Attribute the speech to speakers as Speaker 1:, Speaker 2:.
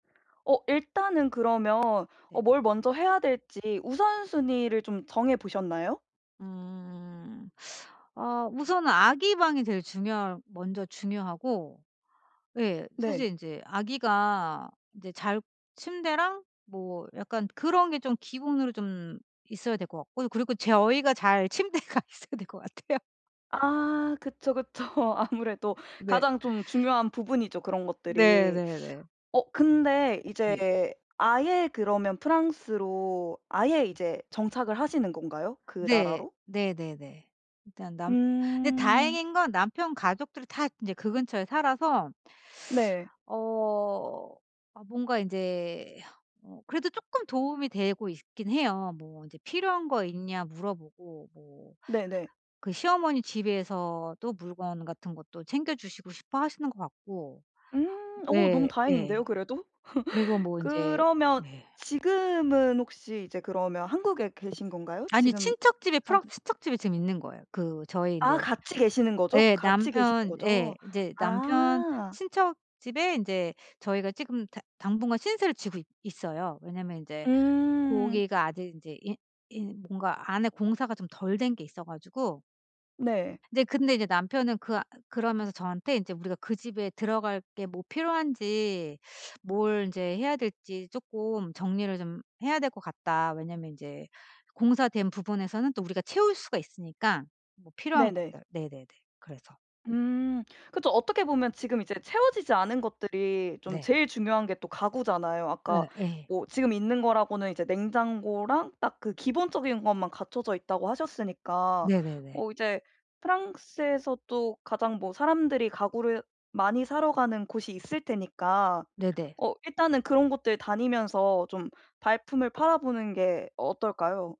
Speaker 1: 어 일단은 그러면 어
Speaker 2: 네.
Speaker 1: 뭘 먼저 해야 될지 우선순위를 좀 정해보셨나요?
Speaker 2: 음. 아 우선은 아기 방이 제일 중요할 먼저 중요하고 예. 사실
Speaker 1: 네.
Speaker 2: 인제 아기가 인제 잘 침대랑 뭐 약간 그런 게 좀 기본으로 좀 있어야 될 거 같고 그리고 저희가 잘 침대가 있어야 될 거 같아요.
Speaker 1: 아. 그쵸, 그쵸. 아무래도
Speaker 2: 네.
Speaker 1: 가장 좀 중요한 부분이죠, 그런
Speaker 2: 네,
Speaker 1: 것들이.
Speaker 2: 네, 네.
Speaker 1: 어. 근데 이제
Speaker 2: 예.
Speaker 1: 아예 그러면 프랑스로 아예 이제 정착을 하시는 건가요? 그
Speaker 2: 네.
Speaker 1: 나라로?
Speaker 2: 네네네. 일단 남 근데
Speaker 1: 음.
Speaker 2: 다행인 건 남편 가족들이 다 이제 그 근처에 살아서
Speaker 1: 네.
Speaker 2: 어 아 뭔가 이제 어 그래도 쪼끔 도움이 되고 있긴 해요. 뭐 인제 필요한 거 있냐 물어보고 뭐
Speaker 1: 네네.
Speaker 2: 그 시어머니 집에서도 물건 같은 것도 챙겨주시고 싶어 하시는 것 같고.
Speaker 1: 음. 어 너무
Speaker 2: 예. 예.
Speaker 1: 다행인데요 그래도.
Speaker 2: 그리고 뭐 인제
Speaker 1: 그러면
Speaker 2: 예.
Speaker 1: 지금은 혹시 이제 그러면 한국에 계신 건가요?
Speaker 2: 아니요.
Speaker 1: 지금
Speaker 2: 친척 집에
Speaker 1: 사는
Speaker 2: 프랑스 친척 집에 지금 있는 거예요. 그 저희
Speaker 1: 아.
Speaker 2: 인제
Speaker 1: 같이 계시는 거죠?
Speaker 2: 예.
Speaker 1: 같이 계시는
Speaker 2: 남편 예.
Speaker 1: 거죠?
Speaker 2: 이제 남편
Speaker 1: 아.
Speaker 2: 친척 집에 인제 저희가 지금 당 당분간 신세를 지고 있 있어요. 왜냐면 인제
Speaker 1: 음.
Speaker 2: 고기가 아직 인제 인 인 뭔가 안에 공사가 좀 덜 된 게 있어 가지고.
Speaker 1: 네.
Speaker 2: 네. 근데 이제 남편은 그 아 그러면서 저한테 "인제 우리가 그 집에 들어갈 게 뭐 필요한지 뭘 인제 해야 될지 쪼끔 정리를 좀 해야 될 것 같다." 왜냐하면 인제 공사된 부분에서는 또 우리가 채울 수가 있으니까 뭐 필요한
Speaker 1: 네네.
Speaker 2: 것들. 네네네. 그래서.
Speaker 1: 음 그쵸. 어떻게 보면 지금 이제 채워지지 않은 것들이 좀
Speaker 2: 네.
Speaker 1: 제일 중요한 게 또 가구잖아요. 아까
Speaker 2: 어 예.
Speaker 1: 뭐 지금 있는 거라고는 이제 냉장고랑 딱 그 기본적인 것만 갖춰져 있다고 하셨으니까
Speaker 2: 네네네.
Speaker 1: 어 이제 프랑스에서도 가장 뭐 사람들이 가구를 많이 사러 가는 곳이 있을 테니까
Speaker 2: 네네.
Speaker 1: 어 일단은 그런 곳들 다니면서 좀 발품을 팔아보는 게 어떨까요?